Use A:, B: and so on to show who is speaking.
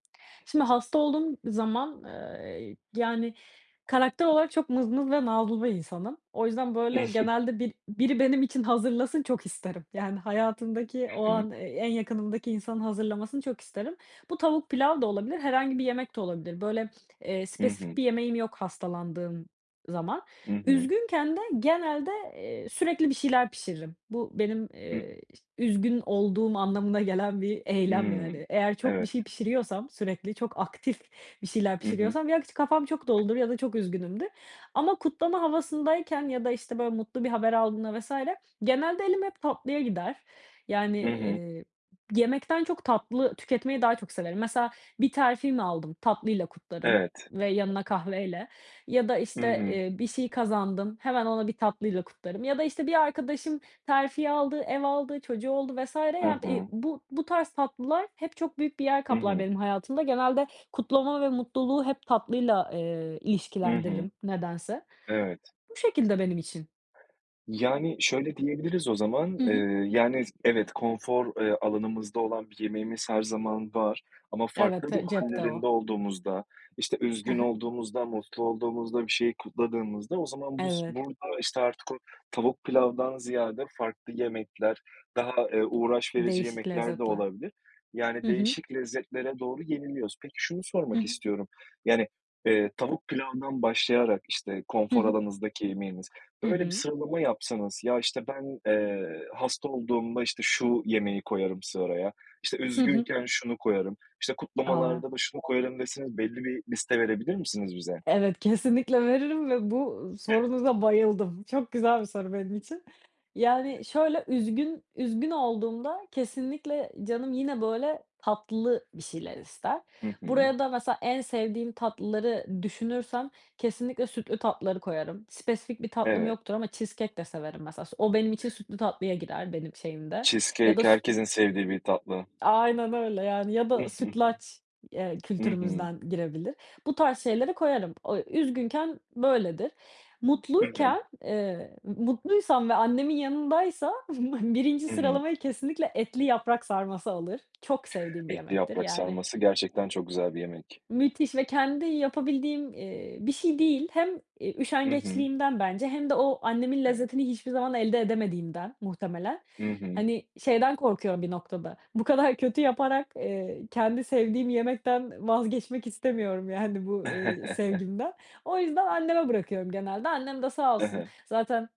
A: Şimdi hasta olduğum zaman, ııı, yani, karakter olarak çok mızmız ve nazlı bir insanım. O yüzden,
B: I
A: böyle,
B: hı.
A: genelde bil biri benim için hazırlasın çok isterim. Yani, hayatımdaki o
B: Hımm.
A: an e en yakınımdaki insanın hazırlamasını çok isterim. Bu tavuk pilav da olabilir herhangi bir yemek de olabilir, böyle, eee,
B: Hı
A: spesifik
B: hı.
A: bir yemeğim yok hastalandığım zaman.
B: Hı hı.
A: Üzgünken de genelde, eee, sürekli bir şeyler pişiririm. Bu benim,
B: Hıh.
A: eee, iş üzgün olduğum anlamına gelen bir eylem
B: Hımm,
A: yani. Eğer çok bir
B: evet.
A: şey pişiriyorsam sürekli, çok aktif bir şeyler
B: Hı hı.
A: pişiriyorsam ya, ç kafam çok doludur ya da çok üzgünümdür ama kutlama havasındayken ya da, işte, böyle, mutlu bir haber aldığımda vs. genelde elim hep tatlıya gider, yani,
B: Hı hı.
A: eee, yemekten çok tatlı tüketmeyi daha çok severim. Mesela bir terfi mi aldım? Tatlıyla kutlarım
B: Evet.
A: ve yanına kahveyle ya da,
B: Hı
A: işte,
B: hı.
A: eee, bir şey kazandım, hemen onu bir tatlıyla kutlarım ya da, işte, bir arkadaşım terfi aldı, ev aldı, çocuğu oldu vs.
B: Hı
A: yani, eee,
B: hı.
A: bu bu tarz tatlılar hep çok büyük bir yer
B: Hı
A: kaplar
B: hı.
A: benim hayatımda. Genelde kutlama ve mutluluğu hep tatlıyla, eee,
B: Hı hı.
A: ilişkilendiririm nedense.
B: Evet.
A: Bu şekilde benim için.
B: Yani, şöyle diyebiliriz o zaman,
A: Hı
B: eee,
A: hı.
B: yani, s evet, konfor, eee, alanımızda olan bir yemeğimiz her zaman var, ama farklı
A: Evet,
B: ruh
A: e cepte
B: hâllerinde
A: o.
B: olduğumuzda, işte,
A: He
B: üzgün
A: he.
B: olduğumuzda, mutlu olduğumuzda, bir şeyi kutladığımızda o zaman bus
A: Evet.
B: burada, işte, artık o tavuk pilavdan ziyade farklı yemekler daha, eee, uğraş verici
A: Değişik
B: yemekler de
A: lezzetler.
B: olabilir. Yani,
A: Hı hı.
B: değişik lezzetlere doğru yeniliyoruz. Peki, şunu
A: Hı
B: sormak
A: hı.
B: istiyorum, yani, eee, tavuk pilavdan başlayarak, işte,
A: Hı
B: konfor
A: hı.
B: alanınızdaki yemeğiniz,
A: Hı
B: böyle bir
A: hı.
B: sıralama yapsanız "Ya, işte, ben, eee, hasta olduğumda, işte, şu yemeği koyarım sıraya, işte,
A: Hı hı.
B: üzgünken şunu koyarım, işte,
A: A.
B: kutlamalarda da şunu koyarım." deseniz belli bir liste verebilir misiniz bize?
A: Evet, kesinlikle veririm ve bu sorunuza bayıldım. Çok güzel bir soru benim için. Yani, şöyle, üzgün üzgün olduğumda kesinlikle canım yine, böyle, tatlı bir şeyler ister.
B: Hı hı.
A: Buraya da mesela en sevdiğim tatlıları düşünürsem kesinlikle sütlü tatlıları koyarım. Spesifik bir tatlım
B: Evet.
A: yoktur ama cheesecake de severim mesela s o benim için sütlü tatlıya girer benim şeyimde ya
B: Cheesecake
A: da s
B: herkesin sevdiği bir tatlı.
A: Aynen öyle, yani, ya da sütlaç, eee,
B: Hı hı.
A: kültürümüzden girebilir. Bu tarz şeyleri koyarım. O Üzgünken böyledir.
B: Hı hı.
A: Mutluyken, eee, mutluysam ve annemin yanındaysam 1'inci
B: Hımm.
A: sıralamayı kesinlikle etli yaprak sarması alır. Çok sevdiğim bir
B: Etli
A: yemektir
B: yaprak
A: yani
B: sarması gerçekten çok güzel bir yemek.
A: Müthiş ve kendi yapabildiğim, eee, bir şey değil. Hem, iii,
B: Hı hı.
A: üşengeçliğimden bence hem de o annemin
B: Evet.
A: lezzetini hiçbir zaman elde edemediğimden muhtemelen.
B: Hı hı.
A: Hani, şeyden korkuyorum bir noktada bu kadar kötü yaparak, eee, kendi sevdiğim yemekten vazgeçmek istemiyorum, yani, bu, eee, sevgimden. O yüzden anneme bırakıyorum genelde. Annem de sağ
B: He
A: olsun
B: he.
A: zaten